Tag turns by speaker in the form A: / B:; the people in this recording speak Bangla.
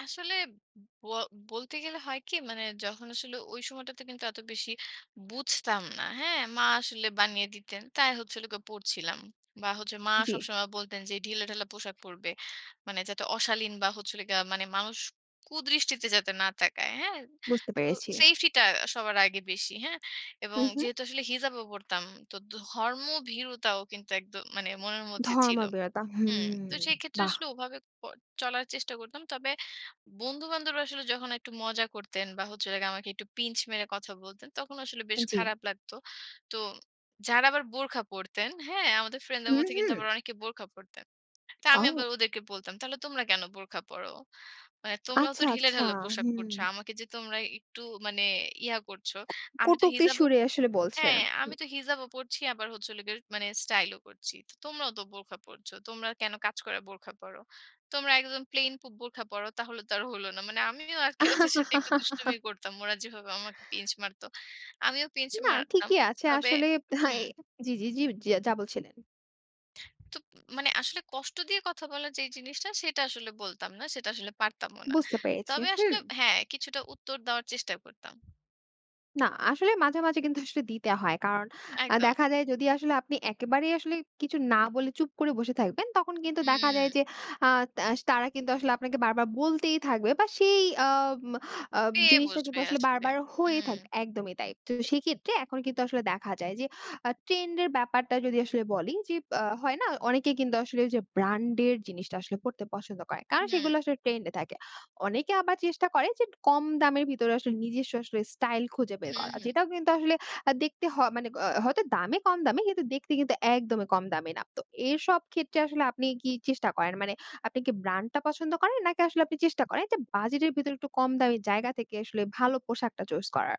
A: আসলে ব বলতে গেলে হয় কি মানে যখন আসলে ওই সময়টাতে কিন্তু এত বেশি বুঝতাম না। হ্যাঁ, মা আসলে বানিয়ে দিতেন। তাই হচ্ছিলো গো পড়ছিলাম। বা হচ্ছে মা
B: জি।
A: সবসময় বলতেন যে ঢিলা-ঢালা পোশাক পড়বে। মানে যাতে অশালীন বা হচ্ছে হলো গিয়ে মানে মানুষ কুদৃষ্টিতে যাতে না তাকায়। হ্যাঁ?
B: বুঝতে
A: তো
B: পেরেছি।
A: সেফটিটা সবার আগে বেশি হ্যাঁ,
B: হু,
A: এবং
B: হু।
A: যেহেতু আসলে হিজাব ও পড়তাম তো ধর্মভীরুতাও কিন্তু একদ মানে মনের মধ্যে ছিলো।
B: ধর্মভীরতা হু
A: হুম তো সেই ক্ষেত্রে
B: বাহ!
A: আসলে ওভাবে ক চলার চেষ্টা করতাম। তবে বন্ধু-বান্ধবরা আসলে যখন একটু মজা করতেন বা হচ্ছে হলো গিয়ে আমাকে একটু পিঞ্চ মেরে কথা বলতেন তখন আসলে বেশ
B: জি।
A: খারাপ লাগতো। তো যারা আবার বোরখা পড়তেন, হ্যাঁ, আমাদের
B: হু,
A: ফ্রেন্ডসদের মধ্যে কিন্তু
B: হু।
A: আবার অনেকে বোরখা পড়তেন। তো আমি
B: অউ
A: আবার ওদেরকে বলতাম তাহলে তোমরা কেন বোরখা পরো? মানে তোমরাও তো
B: আচ্ছা, আচ্ছা।
A: ঢিলে-ঢালা পোশাক পড়ছ।
B: হুম।
A: আমাকে যে তোমরা একটু মানে ইয়া করছ। আমি তো
B: কটুক্তি
A: হিজাবও
B: সুরে আসলে বলছে?
A: হ্যাঁ,
B: হু।
A: আমি তো হিজাবও পড়ছি আবার হচ্ছে হলো গিয়ে স্টাইল ও করছি। তো তোমরাও তো বোরখা পড়ছো। তোমরা কেন কাজ করা বোরখা পড়ো? তোমরা একদম প্লেন প বোরখা পড়ো তাহলে তো আর হলো না। মানে আমিও আজকে ওদের সাথে একটু দুষ্টুমি করতাম। ওরা যেভাবে আমাকে পিঞ্চ মারতো। আমিও পিঞ্চ
B: না,
A: মারতাম।
B: ঠিকই আছে,
A: তবে
B: আসলে হ্যাঁয়
A: হুম।
B: জি, জি, জি যা বলছিলেন।
A: তোপ মানে আসলে কষ্ট দিয়ে কথা বলার যেই জিনিসটা সেটা আসলে বলতাম না। সেটা আসলে পারতামও না।
B: বুঝতে পেরেছি,
A: তবে
B: হু।
A: আসলে হ্যাঁ, কিছুটা উত্তর দেওয়ার চেষ্টা করতাম।
B: না আসলে মাঝে, মাঝে কিন্তু আসলে দিতে হয়। কারণ আ
A: একদম।
B: দেখা যায় যদি আসলে আপনি একেবারেই আসলে কিছু না বলে চুপ করে বসে থাকবেন তখন কিন্তু দেখা যায়
A: হু।
B: যে আ তা তারা কিন্তু আসলে আপনাকে বারবার বলতেই থাকবে বা সেই আম আব
A: পেয়ে
B: জিনিসটা
A: বসবে
B: কিন্তু আসলে
A: আসলে।
B: বারবার হয়ে থাক
A: হুম।
B: একদমই তাই। তো সেক্ষেত্রে এখন কিন্তু আসলে দেখা যায় যে আ ট্রেন্ড এর ব্যাপারটা যদি আসলে বলি, যে আ হয় না? অনেকে কিন্তু আসলে যে ব্র্যান্ড এর জিনিসটা আসলে পড়তে পছন্দ করে। কারণ
A: হুম।
B: সেগুলো আসলে ট্রেন্ড এ থাকে। অনেকে আবার চেষ্টা করে যে কম দামের ভেতরে আসলে নিজস্ব আসলে স্টাইল খুঁজে বের
A: হু,
B: করা।
A: হু।
B: যেটাও কিন্তু আসলে আ দেখতে হ মানে গ হয়তো দামে কম দামি কিন্তু দেখতে কিন্তু একদমই কম দামি না। তো এরসব ক্ষেত্রে আসলে আপনি কি চেষ্টা করেন? মানে আপনি কি ব্র্যান্ডটা পছন্দ করেন? নাকি আসলে আপনি চেষ্টা করেন যে বাজেট এর ভেতরে একটু কম দামি জায়গা থেকে আসলে ভালো পোশাকটা চুস করা